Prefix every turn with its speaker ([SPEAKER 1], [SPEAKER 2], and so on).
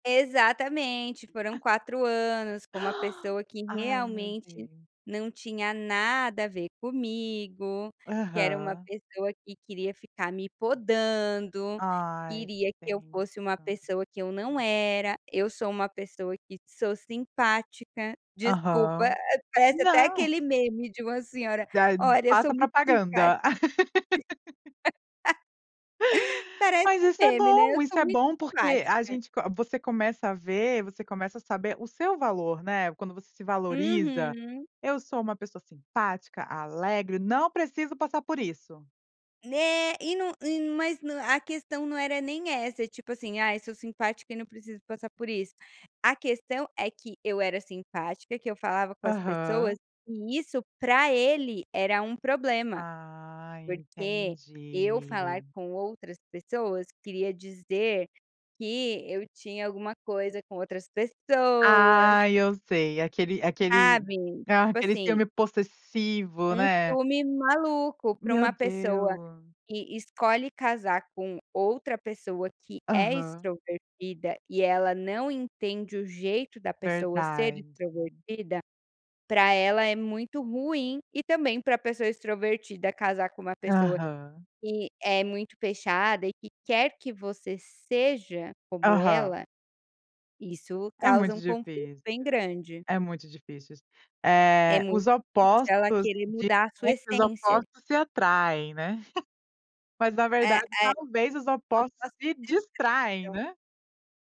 [SPEAKER 1] Exatamente, foram 4 anos com uma pessoa que
[SPEAKER 2] Ai meu
[SPEAKER 1] realmente
[SPEAKER 2] Deus.
[SPEAKER 1] não tinha nada a ver comigo, que era uma
[SPEAKER 2] Aham.
[SPEAKER 1] pessoa que queria ficar me podando,
[SPEAKER 2] Ai, você
[SPEAKER 1] queria que eu
[SPEAKER 2] tem
[SPEAKER 1] fosse uma
[SPEAKER 2] tá.
[SPEAKER 1] pessoa que eu não era, eu sou uma pessoa que sou simpática, desculpa,
[SPEAKER 2] Aham.
[SPEAKER 1] parece até
[SPEAKER 2] Não.
[SPEAKER 1] aquele meme de uma senhora,
[SPEAKER 2] Já
[SPEAKER 1] olha eu sou
[SPEAKER 2] faça
[SPEAKER 1] muito simpática
[SPEAKER 2] propaganda.
[SPEAKER 1] parece
[SPEAKER 2] Mas
[SPEAKER 1] um
[SPEAKER 2] isso é
[SPEAKER 1] meme, né, eu
[SPEAKER 2] bom,
[SPEAKER 1] sou
[SPEAKER 2] isso é
[SPEAKER 1] muito
[SPEAKER 2] bom, porque a
[SPEAKER 1] simpática.
[SPEAKER 2] gente co você começa a ver, você começa a saber o seu valor, né, quando você se valoriza,
[SPEAKER 1] Uhum.
[SPEAKER 2] "Eu sou uma pessoa simpática, alegre, não preciso passar por isso".
[SPEAKER 1] Né, e num e num mas no a questão não era nem essa, tipo assim, "ai sou simpática e não preciso passar por isso", a questão é que eu era simpática, que eu falava com as pessoas
[SPEAKER 2] Aham.
[SPEAKER 1] e isso pra ele era um problema,
[SPEAKER 2] Ah,
[SPEAKER 1] porque eu falar
[SPEAKER 2] entendi.
[SPEAKER 1] com outras pessoas queria dizer que eu tinha alguma coisa com outras pessoas.
[SPEAKER 2] Ah, eu sei, aquele aquele
[SPEAKER 1] Sabe, tipo
[SPEAKER 2] aquele
[SPEAKER 1] assim
[SPEAKER 2] ciúme possessivo,
[SPEAKER 1] um
[SPEAKER 2] né?
[SPEAKER 1] ciúme maluco pra
[SPEAKER 2] Meu
[SPEAKER 1] uma pessoa
[SPEAKER 2] Deus.
[SPEAKER 1] que escolhe casar com outra pessoa que é
[SPEAKER 2] Aham.
[SPEAKER 1] extrovertida e ela não entende o jeito da pessoa ser
[SPEAKER 2] Verdade.
[SPEAKER 1] extrovertida, pra ela é muito ruim e também pra pessoa extrovertida casar com uma pessoa
[SPEAKER 2] Aham.
[SPEAKER 1] que é muito fechada e que quer que você seja como ela,
[SPEAKER 2] Aham.
[SPEAKER 1] isso
[SPEAKER 2] É
[SPEAKER 1] causa
[SPEAKER 2] muito
[SPEAKER 1] um conflito
[SPEAKER 2] difícil,
[SPEAKER 1] bem grande.
[SPEAKER 2] é muito difícil isso,
[SPEAKER 1] É
[SPEAKER 2] eh,
[SPEAKER 1] muito
[SPEAKER 2] os
[SPEAKER 1] [unintelligible] ela
[SPEAKER 2] opostos
[SPEAKER 1] querer
[SPEAKER 2] de
[SPEAKER 1] mudar a sua
[SPEAKER 2] os
[SPEAKER 1] essência.
[SPEAKER 2] opostos se atraem, né, mas na
[SPEAKER 1] É é
[SPEAKER 2] verdade talvez os
[SPEAKER 1] os
[SPEAKER 2] opostos
[SPEAKER 1] opostos
[SPEAKER 2] se
[SPEAKER 1] se
[SPEAKER 2] distraem,
[SPEAKER 1] [unintelligible]
[SPEAKER 2] né.